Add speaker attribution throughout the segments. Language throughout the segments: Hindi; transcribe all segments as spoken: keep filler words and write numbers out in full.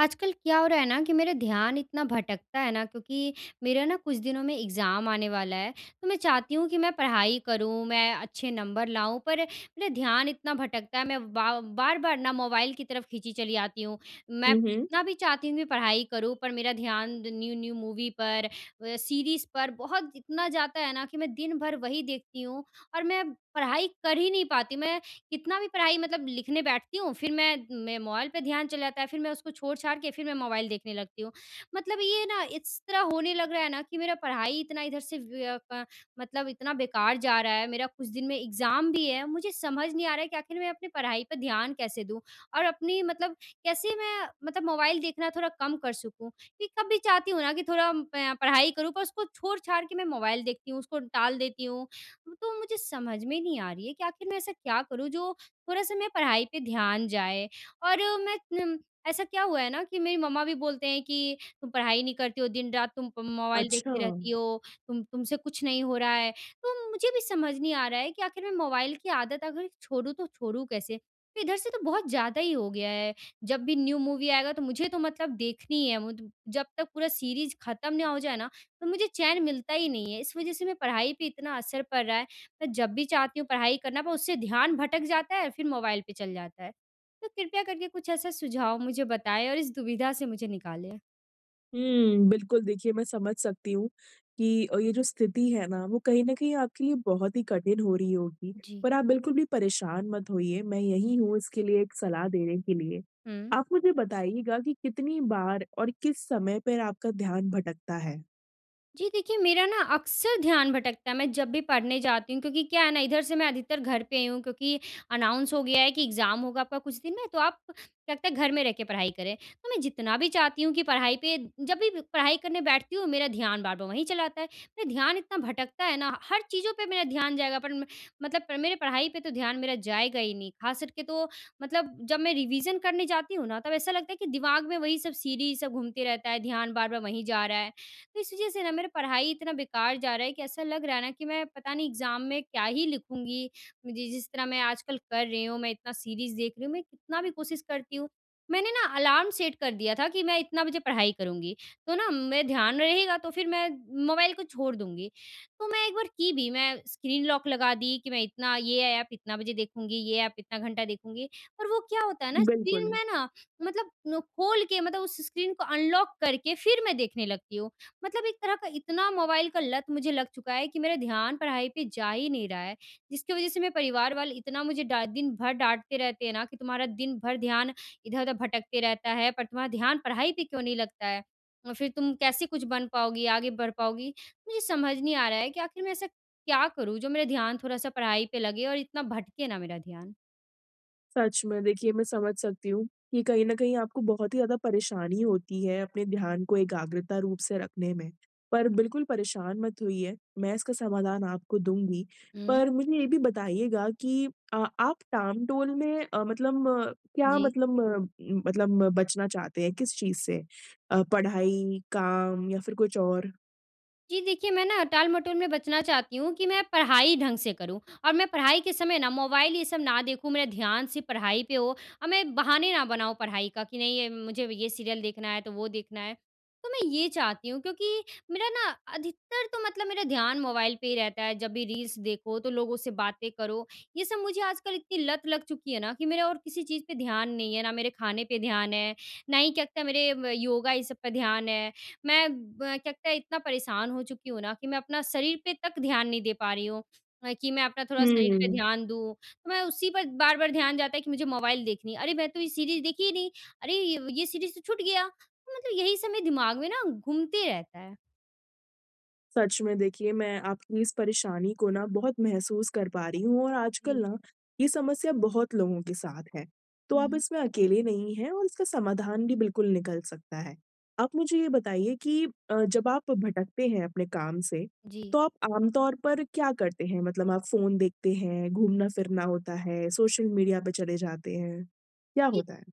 Speaker 1: आजकल क्या हो रहा है ना कि मेरा ध्यान इतना भटकता है ना क्योंकि मेरा ना कुछ दिनों में एग्ज़ाम आने वाला है। तो मैं चाहती हूँ कि मैं पढ़ाई करूँ, मैं अच्छे नंबर लाऊँ, पर मेरा ध्यान इतना भटकता है। मैं बा बार-बार ना मोबाइल की तरफ़ खींची चली आती हूँ। मैं
Speaker 2: हुँ, हुँ।
Speaker 1: कितना भी चाहती हूँ कि पढ़ाई करूँ, पर मेरा ध्यान न्यू-न्यू मूवी पर व सीरीज़ पर बहुत इतना जाता है ना कि मैं दिन भर वही देखती हूँ। और मैं पढ़ाई कर ही नहीं पाती, मैं कितना भी पढ़ाई मतलब लिखने बैठती हूँ, फ़िर मैं मैं मोबाइल पे ध्यान चला जाता है, फ़िर मैं उसको छोड़-छाड़ के फ़िर मैं मोबाइल देखने लगती हूँ। मतलब ये ना इस तरह होने लग रहा है ना कि मेरा पढ़ाई इतना इधर से वय क मतलब इतना बेकार जा रहा है। मेरा कुछ दिन में एग्ज़ाम भी है, मुझे समझ नहीं आ रहा है कि आख़िर मैं अपनी पढ़ाई पे ध्यान कैसे दूँ। और अपनी मतलब कैसे मैं मतलब मोबाइल देखना थोड़ा कम कर सकूँ? कि कभी चाहती हूँ ना कि थोड़ा पए पढ़ाई करूँ, पर उसको छोड़-छाड़ के मैं मोबाइल देखती हूँ। उसको टाल देती हूँ तो मुझे समझ में नहीं आ रही है कि आख़िर मैं ऐसा क्या करूँ जो थोड़ा-सा मैं पढ़ाई पे ध्यान जाए। और मैं नम ऐसा क्या हुआ है ना कि मेरी मम्मा भी बोलते हैं कि तुम पढ़ाई नहीं करती हो, दिन-रात तुम प मोबाइल
Speaker 2: अच्छा।
Speaker 1: देखती रहती हो, तुम तुमसे कुछ नहीं हो रहा है। तो मुझे भी समझ नहीं आ रहा है कि आख़िर में मोबाइल की आदत अगर छोड़ूँ तो छोड़ूँ कैसे? इधर से तो बहुत ज़्यादा ही हो गया है, जब भी न्यू मूवी आएगा तो मुझे तो मतलब देखनी ही है। मु जब तक पूरा सीरीज़ ख़त्म ना हो जाए ना, तो मुझे चैन मिलता ही नहीं है। इस वजह से मैं पढ़ाई पे इतना असर पड़ रहा है। मैं जब भी चाहती हूँ पढ़ाई करना, पर उससे ध्यान भटक जाता है और फ़िर मोबाइल पे चल जाता है। तो कृपया करके कुछ ऐसा सुझाव मुझे बताएँ और इस दुविधा से मुझे निकालें।
Speaker 2: हम्म, बिल्कुल देखिए मैं समझ सकती हूँ कि अ, ये जो स्थिति है ना वो कहीं न कहीं आपके लिए बहुत ही कठिन हो रही होगी।
Speaker 1: जी।
Speaker 2: पर आप बिल्कुल भी परेशान मत होइए। मैं यँही हूँ इसके लिए, एक सलाह देने के लिए।
Speaker 1: हुँ।
Speaker 2: आप मुझे बताइएगा की कितनी बार और किस समय पर आपका ध्यान भटकता है?
Speaker 1: जी देखिए, मेरा ना अक्सर ध्यान भटकता है, मैं जब भी पढ़ने जाती हूँ। क्योंकि क्या है ना इधर से मैं अधिकतर घर पे ही हूँ क्योंकि अनाउंस हो गया है कि एग्जाम होगा आपका कुछ दिन में। तो आप तब तक घर में रह के पढ़ाई करें। तो मैं जितना भी चाहती हूँ कि पढ़ाई पे जब भी पढ़ाई करने बैठती हूँ मेरा ध्यान बार-बार वही चला आता है। मैं ध्यान इतना भटकता है ना, हर चीज़ों पे मेरा ध्यान जाएगा पर म मतलब मेरे पढ़ाई पे तो ध्यान मेरा जाएगा ही नहीं। खास करके तो मतलब जब मैं रिविज़न करने जाती हूँ ना, तब ऐसा लगता है कि दिमाग में वही सब सीरीज़ सब घूमते रहता है, ध्यान बार-बार वहीं जा रहा है। तो इस वजह से ना मेरा पढ़ाई इतना बेकार जा रहा है कि ऐसा लग रहा है ना कि मैं पता नहीं एग्जाम में क्या ही लिखूँगी। जि जिस तरह मैं आजकल कर रही हूँ, मैं इतना सीरीज़ देख रही हूँ। मैं कितना भी कोशिश करती हूँ मैंने ना अलार्म सेट कर दिया था कि मैं इतना बजे पढ़ाई करुँगी। तो ना मैं ध्यान रहेगा तो फिर मैं मोबाइल को छोड़ दूँगी। तो मैं एक बार की भी। मैं स्क्रीन लॉक लगा दी, कि मैं इतना ये ऐप इतना बजे देखूँगी, ये ऐप इतना घंटा देखूँगी। और वो क्या होता है ना स्क्रीन
Speaker 2: बिल्कुल।
Speaker 1: में मतलब नु खोल के मतलब उस स्क्रीन को अनलॉक करके फिर मैं देखने लगती हूँ। मतलब एक तरह का इतना मोबाइल का लत मुझे लग चुका है कि मेरा ध्यान पढ़ाई पे जा ही नहीं रहा है। जिसकी वजह से मेरे परिवार वाले इतना मुझे डा दिन भर डाँटते रहते हैं ना कि "तुम्हारा दिन भर ध्यान इधर-उधर भटकते रहता है, पर तुम्हारा ध्यान पढ़ाई पे क्यों नहीं लगता है? और फिर तुम कैसे कुछ बन पाओगी? आगे बढ़ पाओगी?" मुझे समझ नहीं आ रहा है कि आखिर मैं ऐसा क्या करूँ जो मेरा ध्यान थोड़ा सा पढ़ाई पे लगे और इतना भटके ना मेरा ध्यान।
Speaker 2: सच में देखिए मैं समझ सकती हूँ कि कहीं न कहीं आपको बहुत ही ज़्यादा परेशानी होती है अपने ध्यान को एकाग्रता रूप से रखने में। पर बिल्कुल परेशान मत होइए मैं इसका समाधान आपको दूँगी।
Speaker 1: हुँ।
Speaker 2: पर मुझे ये भी बताइएगा कि अ, आप टाम-टोल में अ, मतलब अ, क्या
Speaker 1: जी।
Speaker 2: मतलब अ, मतलब बचना चाहते हैं, किस चीज़ से? पढ़ाई, काम या फिर कुछ और?
Speaker 1: जी देखिए मैं ना टाल-मटोल में बचना चाहती हूँ कि मैं पढ़ाई ढंग से करूँ। और मैं पढ़ाई के समय ना मोबाइल ये सब ना देखूँ मेरा ध्यान सिर्फ़ पढ़ाई पे हो। और मैं बहाने ना बनाऊँ पढ़ाई का कि नहीं मुझे ये सीरियल देखना है तो वो देखना है। तो मैं ये चाहती हूँ। क्योंकि मेरा ना अधिकतर तो मतलब मेरा ध्यान मोबाइल पे ही रहता है। जब भी रील्स देखो, तो लोगों से बातें करो, ये सब मुझे आजकल इतनी लत लग चुकी है ना कि मेरा और किसी चीज़ पे ध्यान नहीं है। ना मेरे खाने पे ध्यान है, ना ही क्या लगता मेरे योगा ये सब पे ध्यान है। मैं ब क्या लगता है इतना परेशान हो चुकी हूँ ना कि मैं अपना शरीर पे तक ध्यान नहीं दे पा रही हूँ। कि मैं अपना थोड़ा
Speaker 2: हुँ,
Speaker 1: शरीर पे
Speaker 2: हुँ।
Speaker 1: ध्यान दूँ। तो मैं उसी पर बार-बार ध्यान जाता है कि मुझे मोबाइल देखनी है। अरे मैं तो ये सीरीज़ देखी ही नहीं। अरे ये सीरीज़ तो छूट गया। मतलब यही सब मेरे दिमाग में ना घूमते रहता है।
Speaker 2: सच में। देखिए, मैं आपकी इस परेशानी को ना बहुत महसूस कर पा रही हूँ और आजकल
Speaker 1: जी।
Speaker 2: ना ये समस्या बहुत लोगों के साथ है। तो आप
Speaker 1: हुँ।
Speaker 2: इसमें अकेले नहीं हैं और इसका समाधान भी बिल्कुल निकल सकता है। आप मुझे ये बताइए कि अ, जब आप भटकते हैं अपने काम से
Speaker 1: जी।
Speaker 2: तो आप आमतौर पर क्या करते हैं? मतलब आप फ़ोन देखते हैं, घूमना-फिरना होता है, सोशल मीडिया पे चले जाते हैं। क्या
Speaker 1: इ
Speaker 2: होता है?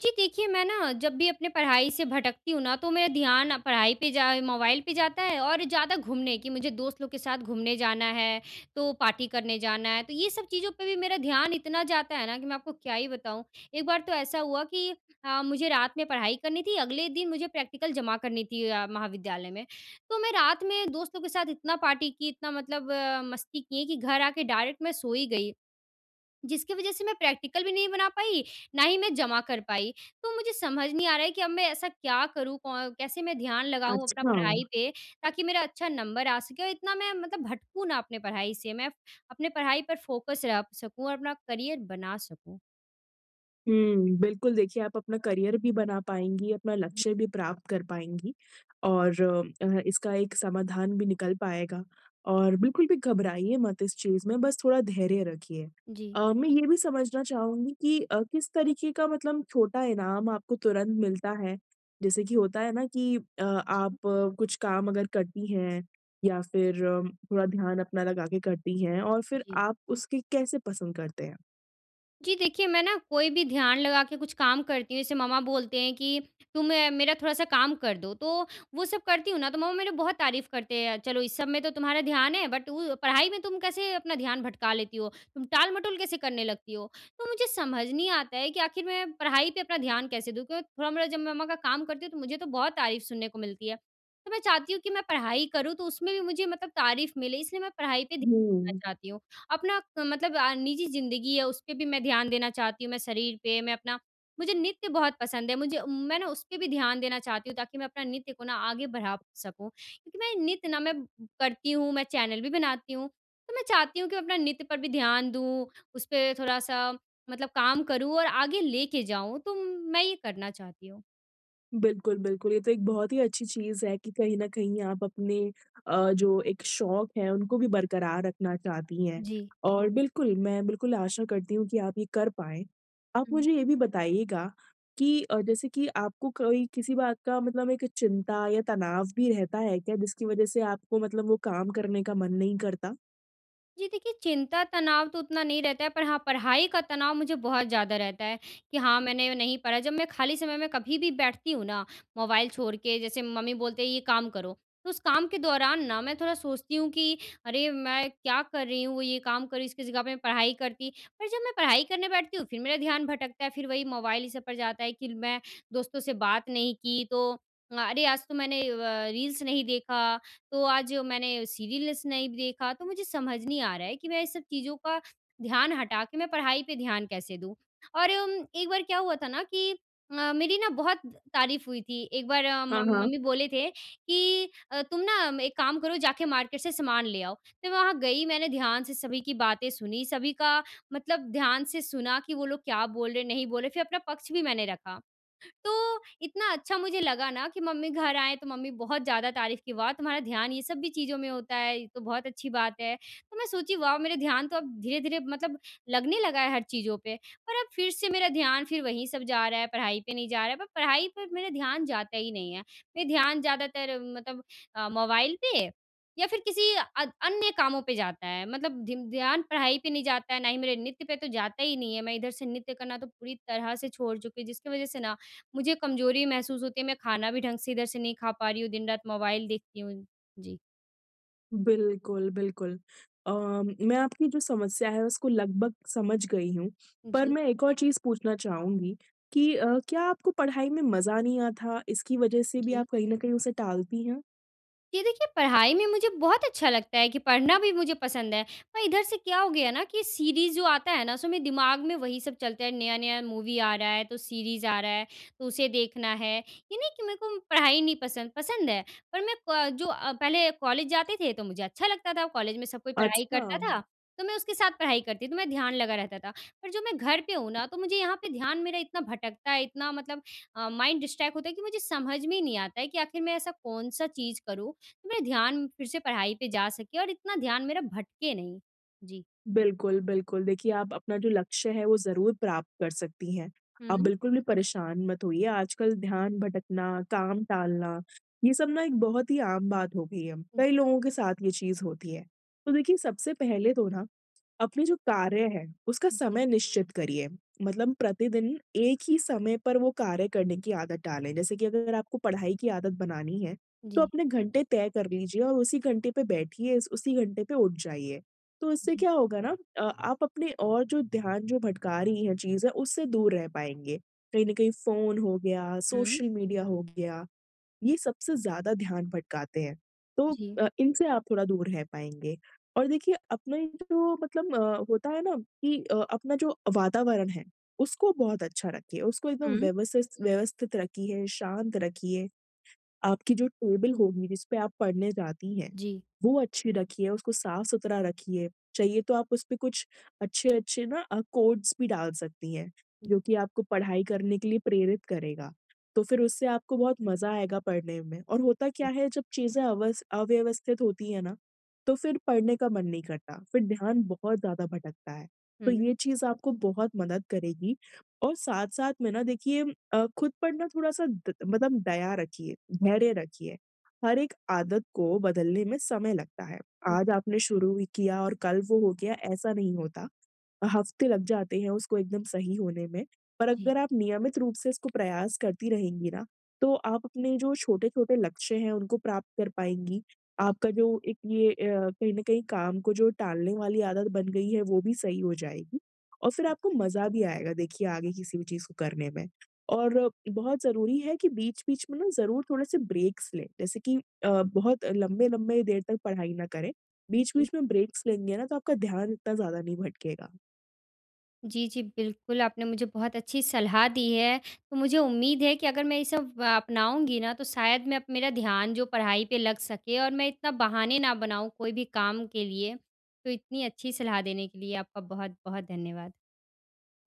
Speaker 1: जी। देखिए मैं ना जब भी अपने पढ़ाई से भटकती हूँ ना तो मेरा ध्यान ना पढ़ाई पे जा मोबाइल पे जाता है और ज़्यादा घूमने कि मुझे दोस्त लोग के साथ घूमने जाना है तो पार्टी करने जाना है। तो ये सब चीज़ों पे भी मेरा ध्यान इतना जाता है ना कि मैं आपको क्या ही बताऊँ। एक बार तो ऐसा हुआ कि अ, मुझे रात में पढ़ाई करनी थी। अगले दिन मुझे प्रैक्टिकल जमा करनी थी अ, महाविद्यालय में। तो मैं रात में दोस्तों के साथ इतना पार्टी की, इतना मतलब अ, मस्ती किए कि घर आके डायरेक्ट मैं सो ही गई। जिसकी वजह से मैं प्रैक्टिकल भी नहीं बना पाई, ना ही मैं जमा कर पाई। तो मुझे समझ नहीं आ रहा है कि अब मैं ऐसा क्या करूँ कौ कैसे मैं ध्यान लगाऊँ अपना
Speaker 2: अच्छा।
Speaker 1: पढ़ाई पे ताकि मेरा अच्छा नंबर आ सके? क्यों इतना मैं मतलब भटकूँ ना अपनी पढ़ाई से मैं प अपनी पढ़ाई पर फोकस रख सकूँ और अपना करियर बना सकूँ।
Speaker 2: हुँ, बिल्कुल, देखिए, आप अपना करियर भी बना पाएँगी, अपना लक्ष्य भी प्राप्त कर पाएँगी और अ, इसका एक समाधान भी निकल पाएगा और बिल्कुल भी घबराइए मत इस चीज़ में, बस थोड़ा धैर्य रखिए।
Speaker 1: जी।
Speaker 2: अ, मैं ये भी समझना चाहूँगी कि अ, किस तरीके का मतलब छोटा इनाम आपको तुरंत मिलता है? जैसे कि होता है ना कि अ, आप
Speaker 1: जी।
Speaker 2: कुछ काम अगर करती हैं, या फिर थोड़ा ध्यान अपना लगा के करती हैं और फिर
Speaker 1: जी।
Speaker 2: आप उसकी कैसे पसंद करते हैं?
Speaker 1: जी देखिए, मैं ना, कोई भी ध्यान लगा के कुछ काम करती हूँ, जैसे मम्मा बोलते हैं कि, "तुम मेरा थोड़ा-सा काम कर दो।" तो वो सब करती हूँ ना, तो मम्मा मेरे बहुत तारीफ़ करते हैं, "चलो, इस सब में तो तुम्हारा ध्यान है, बट उ पढ़ाई में तुम कैसे अपना ध्यान भटका लेती हो? तुम टाल-मटोल कैसे करने लगती हो?" तो मुझे समझ नहीं आता है कि आख़िर मैं पढ़ाई पे अपना ध्यान कैसे दूँ? क्योंकि थोड़ा मेरा जब मैं मम्मा का काम करती हूँ, तो मुझे तो बहुत तारीफ़ सुनने को मिलती है। तो मैं चाहती हूँ कि मैं पढ़ाई करूँ, तो उसमें भी मुझे मतलब तारीफ़ मिले, इसलिए मैं पढ़ाई पे ध्यान देना
Speaker 2: हुँ।
Speaker 1: चाहती हूँ। अपना क मतलब अ, निजी ज़िंदगी है, उस पे भी मैं ध्यान देना चाहती हूँ, मैं शरीर पे मैं अपना मुझे नृत्य बहुत पसंद है, मुझे मैं ना उस पे भी ध्यान देना चाहती हूँ, ताकि मैं अपना नृत्य को ना आगे बढ़ा सकूँ, क्योंकि मैं नृत्य ना, मैं करती हूँ, मैं चैनल भी बनाती हूँ, तो मैं चाहती हूँ कि मैं अपना नृत्य पर भी ध्यान दूँ, उसपे थोड़ा-सा मतलब काम करूँ और आगे लेके जाऊँ, तो मैं ये करना चाहती हूँ।
Speaker 2: बिल्कुल, बिल्कुल तो एक बहुत ही अच्छी चीज़ है कि कहीं न कहीं आप अपने अ, जो एक शौक़ है उनको भी बरकरार रखना चाहती हैं।
Speaker 1: जी।
Speaker 2: और बिल्कुल मैं बिल्कुल आशा करती हूँ कि आप ये कर पाएँ। आप
Speaker 1: हुँ।
Speaker 2: मुझे ये भी बताइएगा कि अ, जैसे कि आपको कोई किसी बात का मतलब एक चिंता या तनाव भी रहता है क्या जिसकी वजह से आपको मतलब वो काम करने का मन नहीं करता?
Speaker 1: जी, देखिए, चिंता तनाव तो उतना नहीं रहता है, पर हाँ, पढ़ाई का तनाव मुझे बहुत ज़्यादा रहता है। कि हाँ, मैंने नहीं पढ़ा जब मैं खाली समय में कभी भी बैठती हूँ ना, मोबाइल छोड़ के जैसे मम्मी बोलते हैं ये काम करो, तो उस काम के दौरान ना, मैं थोड़ा सोचती हूँ कि अरे मैं क्या कर रही हूँ ये काम कर रही हूँ इसकी जगह पे पढ़ाई करती और जब मैं पढ़ाई करने बैठती हूँ, फ़िर मेरा ध्यान भटकता है। फ़िर वही मोबाइल इस सब पर जाता है कि मैं दोस्तों से बात नहीं की तो अ, अरे! आज तो मैंने व रील्स नहीं देखा तो आज मैंने सीरियल्स नहीं देखा तो मुझे समझ नहीं आ रहा है कि मैं इस सब चीज़ों का ध्यान हटा के मैं पढ़ाई पे ध्यान कैसे दूँ। और उम, एक बार क्या हुआ था ना कि अ, मेरी ना बहुत तारीफ़ हुई थी एक बार म
Speaker 2: हाँ, हाँ।
Speaker 1: मम्मी बोले थे कि अ, तुम ना एक काम करो जाके मार्केट से सामान ले आओ। मैं वहाँ गई मैंने ध्यान से सभी की बातें सुनी सभी का मतलब ध्यान से सुना कि वो लोग क्या बोल रहे हैं नहीं बोल रहे फ़िर अपना पक्ष भी मैंने रखा। तो इतना अच्छा मुझे लगा ना कि मम्मी घर आएँ तो मम्मी बहुत ज़्यादा तारीफ़ कि "वाह, तुम्हारा ध्यान ये सब भी चीज़ों में होता है ये तो बहुत अच्छी बात है।" तो मैं सोची वाह मेरा ध्यान तो अब धीरे-धीरे मतलब लगने लगा है हर चीज़ों पे और अब फ़िर से मेरा ध्यान फ़िर वही सब जा रहा है पढ़ाई पे नहीं जा रहा है, पर पढ़ाई पर मेरा ध्यान जाता ही नहीं है। मेरा ध्यान ज़्यादातर मतलब अ, मोबाइल पे या फ़िर किसी अत अन्य कामों पे जाता है। मतलब धिन ध्यान पढ़ाई पे नहीं जाता है ना ही मेरे नृत्य पे तो जाता ही नहीं है। मैं इधर से नृत्य करना तो पूरी तरह से छोड़ चुकी हूँ जिसकी वजह से ना, मुझे कमज़ोरी महसूस होती है मैं खाना भी ढंग से इधर से नहीं खा पा रही हूँ, दिन-रात मोबाइल देखती हूँ। जी।
Speaker 2: बिल्कुल, बिल्कुल। अ, मैं आपकी जो समस्या है उसको लगभग समझ गयी हूँ। पर
Speaker 1: जी।
Speaker 2: मैं एक और चीज़ पूछना चाहूँगी कि अ, क्या आपको पढ़ाई में मज़ा नहीं आथा इसकी वजह से भी
Speaker 1: जी।
Speaker 2: आप कहीं न कहीं उसे टालती हैं?
Speaker 1: ये देखिए पढ़ाई में मुझे बहुत अच्छा लगता है कि पढ़ना भी मुझे पसंद है। और इधर से क्या हो गया ना कि सीरीज़ जो आता है ना सो मेरे दिमाग में वही सब चलता है, नया-नया मूवी आ रहा है, तो सीरीज़ आ रहा है तो उसे देखना है। ये नहीं कि मेरे को पढ़ाई नहीं पसंद, पसंद है। पर मैं प जो अ, पहले कॉलेज जाते थे तो मुझे अच्छा लगता था। कॉलेज में सब कोई पढ़ाई
Speaker 2: अच्छा।
Speaker 1: करता था तो मैं उसके साथ पढ़ाई करती थी तो मैं ध्यान लगा रहता था। पर जो मैं घर पे हूँ ना तो मुझे यहाँ पे ध्यान मेरा इतना भटकता है इतना मतलब अ, माइंड डिस्ट्रैक्ट होता है कि मुझे समझ में ही नहीं आता है कि आखिर मैं ऐसा कौन सा चीज़ करूँ मेरा ध्यान फिर से पढ़ाई पे जा सके और इतना ध्यान मेरा भटके नहीं। जी।
Speaker 2: बिल्कुल, बिल्कुल। देखिए आप अपना जो लक्ष्य है वो ज़रूर प्राप्त कर सकती हैं। आप
Speaker 1: हुँ।
Speaker 2: बिल्कुल भी परेशान मत होइए। आजकल ध्यान भटकना, काम टालना ये सब ना एक बहुत ही आम बात हो गयी है।
Speaker 1: हुँ।
Speaker 2: कई लोगों के साथ ये चीज़ होती है। तो देखिए सबसे पहले तो ना अपने जो कार्य है उसका
Speaker 1: जी।
Speaker 2: समय निश्चित करिए। मतलब प्रतिदिन, एक ही समय पर वो कार्य करने की आदत डालें। जैसे कि अगर आपको पढ़ाई की आदत बनानी है, तो
Speaker 1: जी।
Speaker 2: अपने घंटे तय कर लीजिए और उसी घंटे पे बैठिए, उस उसी घंटे पे उठ जाइए। तो इससे
Speaker 1: जी।
Speaker 2: क्या होगा ना अ, आप अपने और जो ध्यान जो भटका रहीं है चीज़ें, उससे दूर रह पाएँगे। कहीं न कहीं फ़ोन हो गया,
Speaker 1: हुँ।
Speaker 2: सोशल मीडिया हो गया, ये सबसे ज़्यादा ध्यान भटकाते हैं। तो
Speaker 1: जी।
Speaker 2: अ, इनसे आप थोड़ा दूर रह पाएँगे। और देखिए अपना जो मतलब होता है ना कि अ, अपना जो वातावरण है उसको बहुत अच्छा रखिए। उसको एकदम
Speaker 1: हुँ।
Speaker 2: व्यवसिस व्यवस्थित रखिए, शांत रखिए। आपकी जो टेबल होगी जिसपे आप पढ़ने जाती हैं,
Speaker 1: जी।
Speaker 2: वो अच्छी रखिए, उसको साफ़-सुथरा रखिए। चाहिए तो आप उसपे कुछ अच्छे-अच्छे ना अ, कोट्स भी डाल सकती हैं
Speaker 1: हुँ।
Speaker 2: जो कि आपको पढ़ाई करने के लिए प्रेरित करेगा। तो फिर उससे आपको बहुत मज़ा आएगा पढ़ने में। और होता क्या है जब चीज़ें अवस अव्यवस्थित होती है ना तो फिर पढ़ने का मन नहीं करता। फिर ध्यान बहुत ज़्यादा भटकता है।
Speaker 1: हुँ,
Speaker 2: तो
Speaker 1: हुँ।
Speaker 2: ये चीज़ आपको बहुत मदद करेगी। और साथ-साथ में ना देखिए अ, खुद पढ़ना थोड़ा-सा ग मतलब दया रखिए, धैर्य रखिए। हर एक आदत को बदलने में समय लगता है।
Speaker 1: हुँ।
Speaker 2: आज आपने शुरू ही किया और कल वो हो गया ऐसा नहीं होता। हफ्ते लग जाते हैं उसको एकदम सही होने में। पर
Speaker 1: जी।
Speaker 2: अगर आप नियमित रूप से उसको प्रयास करती रहेंगी ना तो आप अपने जो छोटे-छोटे लक्ष्य है उनको प्राप्त कर पाएँगी। आपका जो एक ये अ, कहीं न कहीं काम को जो टालने वाली आदत बन गयी है वो भी सही हो जाएगी। और फिर आपको मज़ा भी आएगा देखिए आगे किसी भी चीज़ को करने में। और बहुत ज़रूरी है कि बीच-बीच में ना ज़रूर थोड़े से ब्रेक्स लें। जैसे कि अ, बहुत लंबे-लंबे देर तक पढ़ाई ना करें।
Speaker 1: जी।
Speaker 2: बीच-बीच में ब्रेक्स लेंगे ना तो आपका ध्यान इतना ज़्यादा नहीं भटकेगा।
Speaker 1: जी, जी, बिल्कुल। आपने मुझे बहुत अच्छी सलाह दी है। तो मुझे उम्मीद है कि अगर मैं ये सब अपनाऊँगी ना तो शायद मैं अप मेरा ध्यान जो पढ़ाई पे लग सके और मैं इतना बहाने ना बनाऊँ कोई भी काम के लिए। तो इतनी अच्छी सलाह देने के लिये आपका बहुत-बहुत धन्यवाद।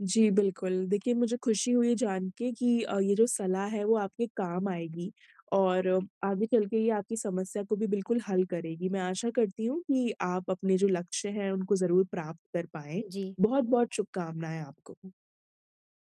Speaker 2: जी, बिल्कुल। देखिए मुझे खुशी हुई जान के कि अ, ये जो सलाह है वो आपके काम आएगी और आगे चल के ये आपकी समस्या को भी बिल्कुल हल करेगी। मैं आशा करती हूँ कि आप अपने जो लक्ष्य हैं उनको ज़रूर प्राप्त कर पाएँ।
Speaker 1: जी।
Speaker 2: बहुत-बहुत शुभकामनाएँ आपको।